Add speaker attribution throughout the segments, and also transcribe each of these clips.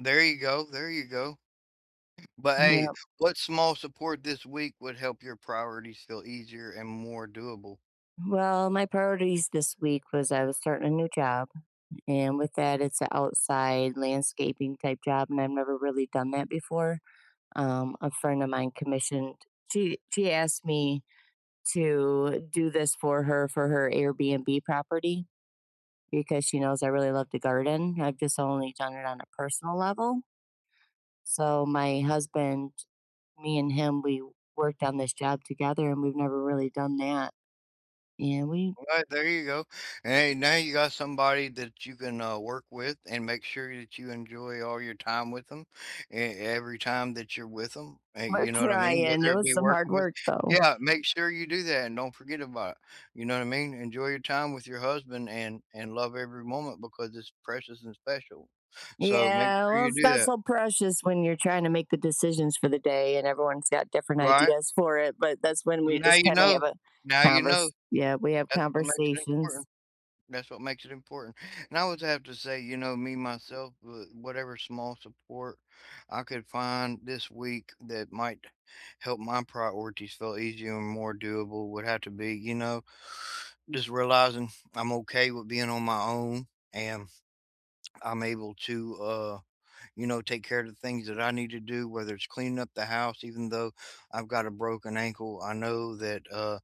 Speaker 1: There you go, there you go. But hey,
Speaker 2: Yep.
Speaker 1: what small support this week would help your priorities feel easier and more doable?
Speaker 2: Well, my priorities this week was, I was starting a new job, and with that, it's a outside landscaping type job, and I've never really done that before. Um, a friend of mine commissioned she she asked me to do this for her, for her Airbnb property, because she knows I really love to garden. I've just only done it on a personal level so, my husband, me and him, we worked on this job together, and we've never really done that, and we
Speaker 1: Alright, there you go. And hey, now you got somebody that you can, uh, work with, and make sure that you enjoy all your time with 'em, e every time that you're with 'em, hey,
Speaker 2: We're
Speaker 1: you know what I mean?
Speaker 2: trying.
Speaker 1: Whether
Speaker 2: It
Speaker 1: it
Speaker 2: was
Speaker 1: be
Speaker 2: some hard
Speaker 1: working with
Speaker 2: work, though.
Speaker 1: yeah, make sure you do that, and don't forget about it. You know what I mean? Enjoy your time with your husband, and and love every moment, because it's precious and special. So make
Speaker 2: Yeah,
Speaker 1: sure
Speaker 2: well,
Speaker 1: you
Speaker 2: it's
Speaker 1: do
Speaker 2: not
Speaker 1: that.
Speaker 2: so precious when you're trying to make the decisions for the day, and everyone's got different
Speaker 1: Right.
Speaker 2: ideas for it, but that's when we
Speaker 1: Now
Speaker 2: just
Speaker 1: you
Speaker 2: kinda
Speaker 1: know.
Speaker 2: have a
Speaker 1: Now you know.
Speaker 2: convers yeah, we have
Speaker 1: That's what makes it
Speaker 2: conversations.
Speaker 1: important. That's what makes it important. And I always have to say, you know, me, myself, wha whatever small support I could find this week that might help my priorities feel easier and more doable would have to be, you know, just realizing I'm okay with being on my own, and I'm able to, uh, you know, take care of the things that I need to do, whether it's cleaning up the house, even though I've got a broken ankle, I know that, uh,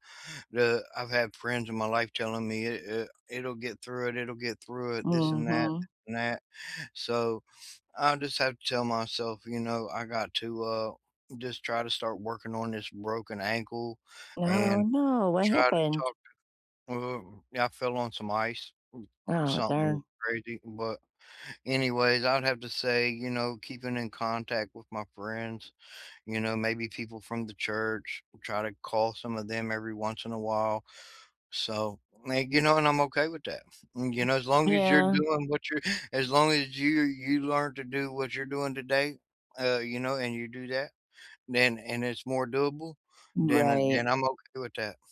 Speaker 1: the I've had friends in my life telling me, "I I It'll get through it, it'll get through it. This and that
Speaker 2: Mhm.
Speaker 1: and that." So, I just have to tell myself, you know, I got to, uh, just try to start working on this broken ankle
Speaker 2: Oh,
Speaker 1: and
Speaker 2: no! What
Speaker 1: try to
Speaker 2: happened?
Speaker 1: talk. I fell on some ice,
Speaker 2: Oh,
Speaker 1: something
Speaker 2: darn.
Speaker 1: crazy, but, anyways, I would have to say, you know, keeping in contact with my friends, you know, maybe people from the church, try to call some of them every once in a while. So, may you know, and I'm okay with that. You know, as long as you're
Speaker 2: Yeah.
Speaker 1: doing what you're as long as you're you learn to do what you're doing today, uh, you know, and you do that, then and it's more doable, then I
Speaker 2: Right.
Speaker 1: then I'm okay with that.